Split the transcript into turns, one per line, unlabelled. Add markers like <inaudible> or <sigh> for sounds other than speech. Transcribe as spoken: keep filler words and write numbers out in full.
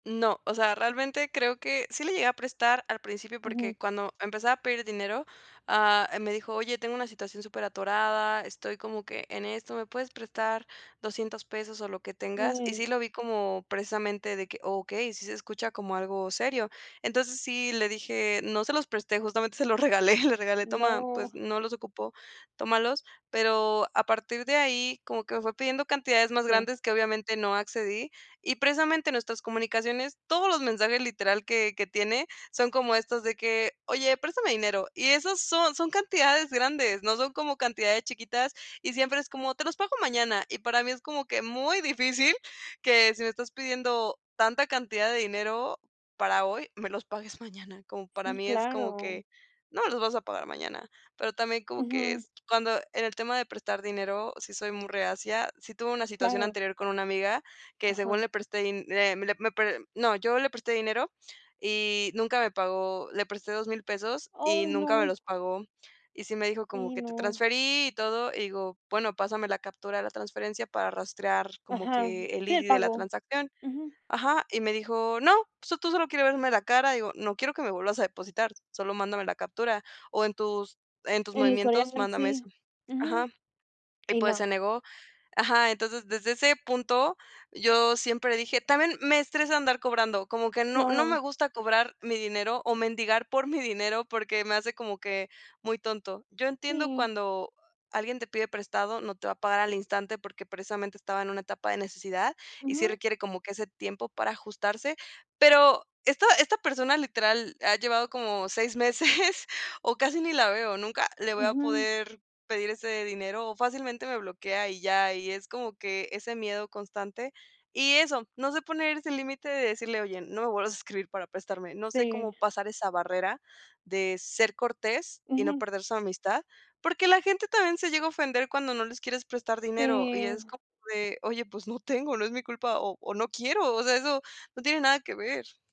No, o sea, realmente creo que sí le llegué a prestar al principio,
Ujú.
porque cuando empezaba a pedir dinero, ah, me dijo: "Oye, tengo una situación superatorada, estoy como que en esto, ¿me puedes prestar doscientos pesos o lo que tengas?”. Y
Ay.
sí lo vi como precisamente de que: “Okey, sí se escucha como algo serio”. Entonces sí le dije no se los presté, justamente se los regalé, le regalé: "Toma,
No.
pues no los ocupo, tómalos". Pero a partir de ahí, como que me fue pidiendo cantidades más
Sí.
grandes que obviamente no accedí, y precisamente nuestras comunicaciones, todos los mensajes literal que que tiene son como estos de que: "Oye, préstame dinero". Y esas son son cantidades grandes, no son como cantidades chiquitas, y siempre es como: "Te los pago mañana". Y para mí es como que muy difícil que si me estás pidiendo tanta cantidad de dinero para hoy, me los pagues mañana. Como para
Sí,
mí es como
claro.
que: "No me los vas a pagar mañana". Pero también como que
Ujú.
es cuando en el tema de prestar dinero, sí soy muy reacia, sí tuve una situación
Claro.
anterior con una amiga que según
Ajá.
le presté din eh, me le p le no, yo le presté dinero y nunca me pagó. Le presté dos mil pesos y
¡Ay,
nunca me
no!
los pagó. Y sí me dijo como
Sí,
que: "Te
no.
transferí y todo", digo: “Bueno, pásame la captura de la transferencia para rastrear como
Ajá.
que el
Sí, el
ID de la
pago.
transacción”.
Ujú.
Ajá, y me dijo: “No, pues tú solo quieres verme la cara”, y digo: “No quiero que me vuelvas a depositar, solo mándame la captura, o en tus en tus
El
movimientos
historial
mándame eso”.
sí, ujú.
Ajá. Y,
Y
pues, se
no.
negó. Ajá, entonces desde ese punto, yo siempre dije también me estresa andar cobrando, como que no no me
Claro.
gusta cobrar mi dinero o mendigar por mi dinero, porque me hace como que muy tonto. Yo entiendo
Sí.
cuando alguien te pide prestado, no te va a pagar al instante porque precisamente estaba en una etapa de necesidad y sí
Ujú.
requiere como que ese tiempo para ajustarse. Pero esta esta persona, literal, ha llevado como seis meses <chuckles> o casi ni la veo, nunca le voy a
Ujú.
poder pedir ese dinero o fácilmente me bloquea y ya, y es como que ese miedo constante. Y eso, no se poner ese límite de decirle: “Oye, no me vuelvas a escribir para prestarme”. No sé cómo
Sí.
pasar esa barrera de ser cortés y no
Ujú.
perder su amistad, porque la gente también se llega a ofender cuando no les quieres prestar dinero y es
Sí.
como de: “Oye, pues no tengo, no es mi culpa o o no quiero”, o sea, eso no tiene nada que ver.